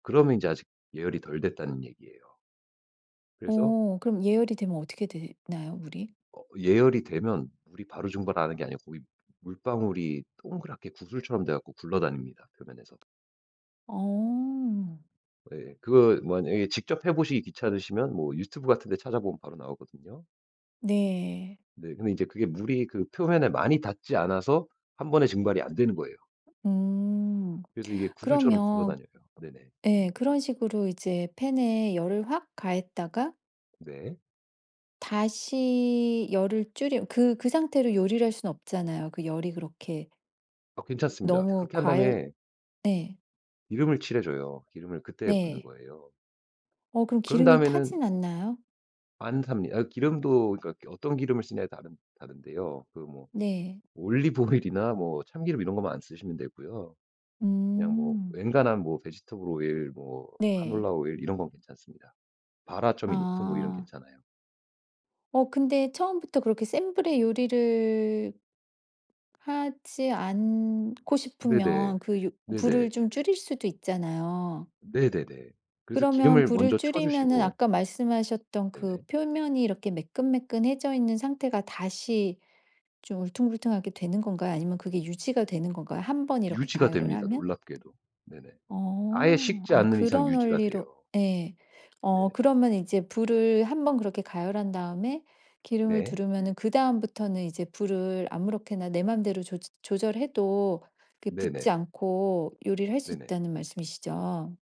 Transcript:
그러면 이제 아직 예열이 덜 됐다는 얘기예요. 그래서 어 그럼 예열이 되면 어떻게 되나요? 물이? 어 예열이 되면 물이 바로 증발하는 게 아니고 고기 물방울이 동그랗게 구슬처럼 돼갖고 굴러다닙니다 표면에서. 어. 예예. 그거 만약에 직접 해보시기 귀찮으시면 뭐 유튜브 같은 데 찾아보면 바로 나오거든요. 네. 네. 근데 이제 그게 물이 그 표면에 많이 닿지 않아서 1 번에 증발이 안 되는 거예요. 음 그래서 이게 구슬처럼 그러면 굴러다녀요. 네네. 예. 그런 식으로 이제 팬에 열을 확 가했다가 네. 다시 열을 줄여 그 그 상태로 요리를 할 수는 없잖아요. 그 열이 그렇게 어 괜찮습니다. 너무 그렇게 한 과열 다음에 네. 기름을 칠해줘요. 기름을 그때 붓는 네. 거예요. 어 그럼 그런 기름이 다음에는 타지는 않나요? 안탑니 어 기름도 그니까 어떤 기름을 쓰느냐에 다른 다른데요. 그 뭐 네. 올리브 오일이나 뭐 참기름 이런 것만 안 쓰시면 되고요. 그냥 뭐 음. 엔간한 뭐 베지터블 오일, 뭐 네. 카놀라 오일 이런 건 괜찮습니다. 발화점이 높은 오일은 아. 괜찮아요. 어 근데 처음부터 그렇게 센 불의 요리를 하지 않고 네네. 싶으면 그 유 불을 네네. 좀 줄일 수도 있잖아요. 네네네. 그래서 그러면 기름을 불을 먼저 줄이면은 쳐주시고 아까 말씀하셨던 그 네네. 표면이 이렇게 매끈매끈해져 있는 상태가 다시 좀 울퉁불퉁하게 되는 건가요? 아니면 그게 유지가 되는 건가요? 1 번 이렇게 유지가 가열을 됩니다 하면? 놀랍게도. 네네. 아예 어 식지 아 않는 이상 그런 유지가 원리로 돼요. 예. 어 네네. 그러면 이제 불을 1 번 그렇게 가열한 다음에 기름을 네. 두르면은 그다음부터는 이제 불을 아무렇게나 내 맘대로 조저 조절해도 그 붙지 네네. 않고 요리를 할 수 네네. 있다는 말씀이시죠?